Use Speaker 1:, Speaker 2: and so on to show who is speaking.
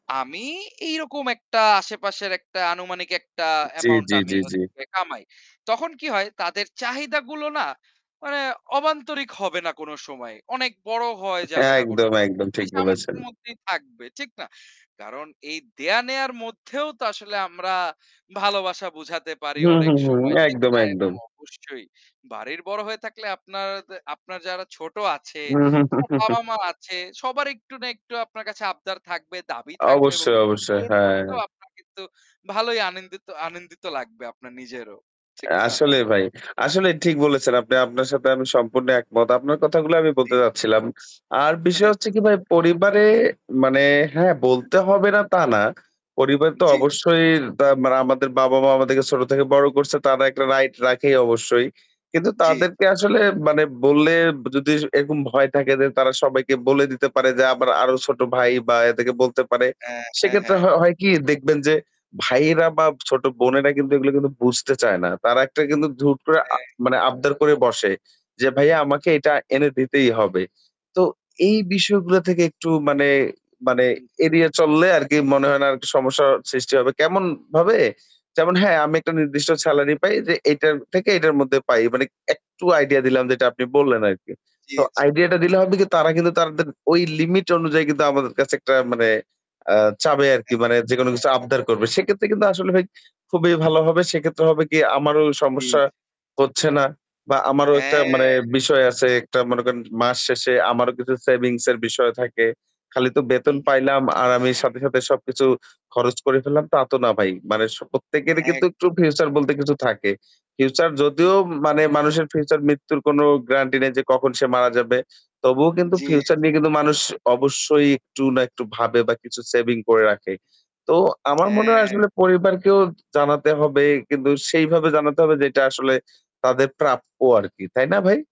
Speaker 1: আমি এইরকম একটা আশেপাশের একটা আনুমানিক একটা
Speaker 2: জ্বী,
Speaker 1: অ্যামাউন্ট
Speaker 2: জ্বী,
Speaker 1: আমি
Speaker 2: জ্বী, জ্বী।
Speaker 1: হচ্ছে কামাই। তখন কি হয় তাদের চাহিদাগুলো না মানে অবান্তরিক হবে না কোনো সময় অনেক বড় হয়ে যাবে না কোনো
Speaker 2: একদম,
Speaker 1: সময়।
Speaker 2: একদম,
Speaker 1: ঐ
Speaker 2: ঠিক বলেছেন।
Speaker 1: সামর্থ্যের মধ্যেই থাকবে, ঠিক না? কারণ এই দেওয়া-নেওয়ার মধ্যেও তো আসলে আমরা ভালোবাসা বোঝাতে পারি
Speaker 2: হুম,
Speaker 1: অনেক
Speaker 2: হুম, হুম,
Speaker 1: সময়, ঠিক
Speaker 2: একদম,
Speaker 1: না? এবং
Speaker 2: একদম।
Speaker 1: অবশ্যই বাড়ির বড়ো হয়ে থাকলে আপনারদে আপনার যারা ছোট আছে আপনার বাবা-মা আছে সবার একটু না একটু আপনার কাছে আবদার থাকবে দাবি থাকবে এবং
Speaker 2: অবশ্যই,
Speaker 1: এগুলো
Speaker 2: অবশ্যই,
Speaker 1: পূরণ
Speaker 2: হ্যাঁ।
Speaker 1: করতেও আপনার কিন্তু ভালোই আনেন্দিত আনন্দিত লাগবে আপনার নিজেরও, ঠিক না?
Speaker 2: আসলে ভাই, আসলে ঠিক বলেছেন। আপনি আপনার সাথে আমি সম্পূর্ণ একমত। আপনার কথাগুলো আমি বলতে
Speaker 1: জি।
Speaker 2: চাচ্ছিলাম। আর বিষয়
Speaker 1: আচ্ছা,
Speaker 2: হচ্ছে কি ভাই
Speaker 1: আচ্ছা।
Speaker 2: পরিবারে মানে হ্যাঁ, বলতে হবে না তা না। পরিবার তো
Speaker 1: জ্বি।
Speaker 2: অবশ্যই তা মানে আমাদের বাবা-মা আমাদেরকে ছোট থেকে বড় করছে। তারা একটা রাইট রাখে অবশ্যই। কিন্তু
Speaker 1: জ্বি।
Speaker 2: তাদেরকে আসলে মানে বললে যদি এরকম ভয় থাকে যে তারা সবাইকে বলে দিতে পারে যে আমার আরো ছোট ভাই বা এদেরকে বলতে পারে।
Speaker 1: হ্যাঁ, হ্যাঁ,
Speaker 2: সেক্ষেত্রে
Speaker 1: হ্যাঁ।
Speaker 2: হ হয় কি দেখবেন যে ভাইয়েরা বা ছোট বোনেরা কিন্তু এগুলো কিন্তু বুঝতে চায় না। তারা একটা কিন্তু হুট করে আ
Speaker 1: হ্যাঁ।
Speaker 2: মানে আবদার করে বসে। যে ভাইয়া আমাকে এটা এনে দিতেই হবে। তো এই বিষয়গুলো থেকে একটু মানে, মানে,
Speaker 1: হুম, হুম।
Speaker 2: এড়িয়ে চললে আরকি মনে হয় না আর সমস্যা সৃষ্টি হবে। কেমনভাবে? যেমন হ্যাঁ, আমি একটা নির্দিষ্ট সেলারি পাই যে এটা থেকে এটার মধ্যে পাই। মানে একটু আইডিয়া দিলাম যেটা আপনি বললেন আরকি।
Speaker 1: জ্বী,
Speaker 2: তো
Speaker 1: জ্বী।
Speaker 2: আইডিয়াটা টা দিলে হবে কি তার কিন্তু তাদের ওই লিমিট অনুযায়ী কিন্তু আমাদের কাছে একটা মানে আ চাইবে আরকি। মানে যেকোনো
Speaker 1: হ্যাঁ।
Speaker 2: কিছু আবদার করবে। সেক্ষেত্রে কিন্তু আসলে ভাই খুবই ভালো হবে। সেক্ষেত্রে হবে কি আমারও
Speaker 1: জি,
Speaker 2: সমস্যা
Speaker 1: জি।
Speaker 2: হচ্ছে না বা আমারও একটা মানে
Speaker 1: হ্যাঁ।
Speaker 2: বিষয় আছে একটা মনে করেন মাস শেষে আমারও কিছু সেভিংস এর বিষয় থাকে। খালি তো
Speaker 1: হু,
Speaker 2: বেতন
Speaker 1: হুম।
Speaker 2: পাইলাম আর আমি সাথে, সাথে, সবকিছু খরচ করে ফেললাম তা তো না ভাই। মানে স প্রত্যেকেরই কিন্তু একটু
Speaker 1: একদম।
Speaker 2: ফিউচার বলতে কিছু থাকে। ফিউচার
Speaker 1: হুম।
Speaker 2: যদিও মানে মানুষের ফিউচার মৃত্যুর কোনো গ্রান্টি নাই যে কখন সে মারা যাবে। তবুও কিন্তু
Speaker 1: জি,
Speaker 2: ফিউচার
Speaker 1: জি।
Speaker 2: নিয়ে কিন্তু মানুষ অবশ্যই একটু না একটু ভাবে বা কিছু সেভিং করে রাখে। তো আমার মনে হয়
Speaker 1: হ্যাঁ।
Speaker 2: আসলে পরিবারকেও জানাতে হবে। কিন্তু সেইভাবে জানাতে হবে যে এটা আসলে তাদের প্রাপ্য আরকি। তাই না ভাই?